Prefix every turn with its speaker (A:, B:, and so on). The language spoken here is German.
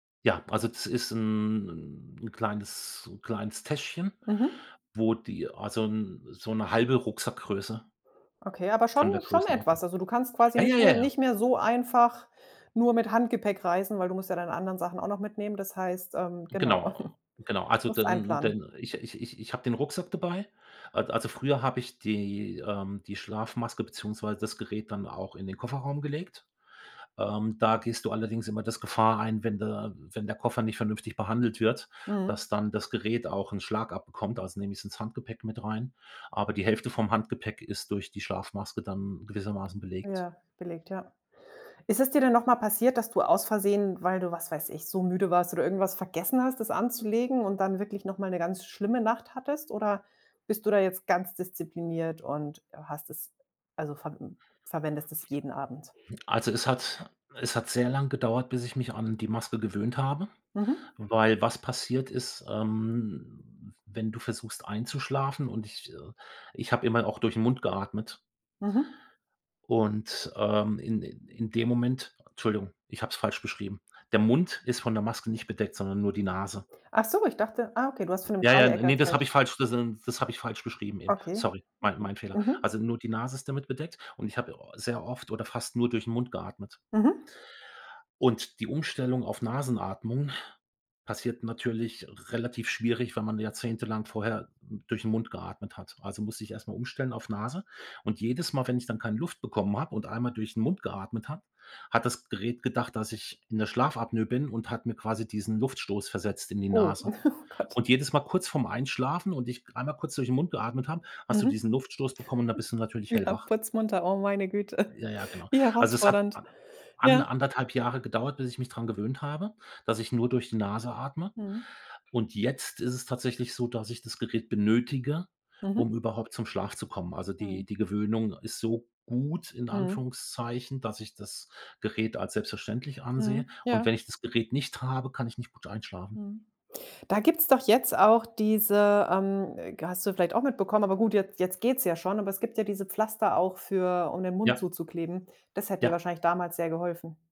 A: Ja, also das ist 'n 'n kleines so 'n kleines Täschchen,
B: Mhm.
A: wo die also 'n so 'ne 1/2 Rucksackgröße
B: Okay, aber schon
A: von der
B: schon etwas.
A: Größenordnung.
B: Also du kannst quasi
A: Ja, ja,
B: nicht mehr
A: ja, ja.
B: nicht mehr so einfach nur mit Handgepäck reisen, weil du musst ja deine anderen Sachen auch noch mitnehmen. Das heißt ähm, genau,
A: Genau, genau. Also
B: musst
A: dann
B: einplanen.
A: dann ich ich ich ich habe den Rucksack dabei. A also früher habe ich die ähm, die Schlafmaske beziehungsweise das Gerät dann auch in den Kofferraum gelegt. Ähm, da gehst du allerdings immer das Gefahr ein, wenn der wenn der Koffer nicht vernünftig behandelt wird,
B: Mhm.
A: dass dann das Gerät auch 'n Schlag abbekommt, also nehme ich's ins Handgepäck mit rein. Aber die Hälfte vom Handgepäck ist durch die Schlafmaske dann gewissermaßen belegt.
B: Ja, belegt, ja. Ist es dir denn noch mal passiert, dass du aus Versehen, weil du, was weiß ich, so müde warst oder irgendwas vergessen hast, das anzulegen und dann wirklich noch mal 'ne ganz schlimme Nacht hattest oder bist du da jetzt ganz diszipliniert und hast es also verw verwendest es jeden Abend?
A: Also es hat es hat sehr lang gedauert, bis ich mich an die Maske gewöhnt habe,
B: Mhm.
A: weil was passiert ist, ähm, wenn du versuchst einzuschlafen und ich äh, ich habe immer auch durch 'n Mund geatmet.
B: Mhm.
A: Und, ähm, in in in dem Moment Entschuldigung, ich habe es falsch beschrieben. Der Mund ist von der Maske nicht bedeckt, sondern nur die Nase.
B: Ach so, ich dachte ah okay, du hast von 'nem
A: Ja, ja,
B: Dreieck
A: ne, das
B: erzählt.
A: habe ich falsch, das n das habe ich falsch beschrieben eben.
B: Okay.
A: Sorry, mein
B: Hmh.
A: mein Fehler.
B: Mhm.
A: Also nur die Nase ist damit bedeckt und ich habe au sehr oft oder fast nur durch 'n Mund geatmet.
B: Mhm.
A: Und die Umstellung auf Nasenatmung passiert natürlich relativ schwierig, wenn man jahrzehntelang vorher durch 'n Mund geatmet hat. Also musste ich erst mal umstellen auf Nase und jedes Mal, wenn ich dann keine Luft bekommen habe und einmal durch 'n Mund geatmet habe, hat das Gerät gedacht, dass ich in der Schlafapnoe bin und hat mir quasi diesen Luftstoß versetzt in die
B: Oh.
A: Nase
B: Ach Gott.
A: und jedes Mal kurz vorm Einschlafen und g ich einmal kurz durch 'n Mund geatmet habe, hast du
B: Mhm.
A: diesen Luftstoß bekommen und da bist du natürlich
B: Ja,
A: hellwach.
B: putzmunter, oh meine Güte,
A: Ja, ja, genau.
B: wie
A: Also es hat
B: herausfordernd,
A: a an
B: ja.
A: 1 1/2 Jahre gedauert, bis ich mich dran gewöhnt habe, dass ich nur durch die Nase atme
B: Mhm.
A: und jetzt ist es tatsächlich so, dass ich das Gerät benötige,
B: Mhm.
A: um überhaupt zum Schlaf zu kommen. Also
B: Mhm.
A: die die Gewöhnung ist so gut in
B: Mhm.
A: Anführungszeichen, dass ich das Gerät als selbstverständlich
B: Mhm.
A: ansehe und
B: Ja.
A: wenn ich das Gerät nicht habe, kann ich nicht gut einschlafen.
B: Mhm. Da gibt's doch jetzt auch diese, ähm, ge hast du vielleicht auch mitbekommen, aber gut, jetzt jetzt geht's ja schon, aber es gibt ja diese Pflaster auch für um den Mund
A: Ja.
B: zuzukleben. Das hätte dir
A: Ja.
B: wahrscheinlich damals sehr geholfen.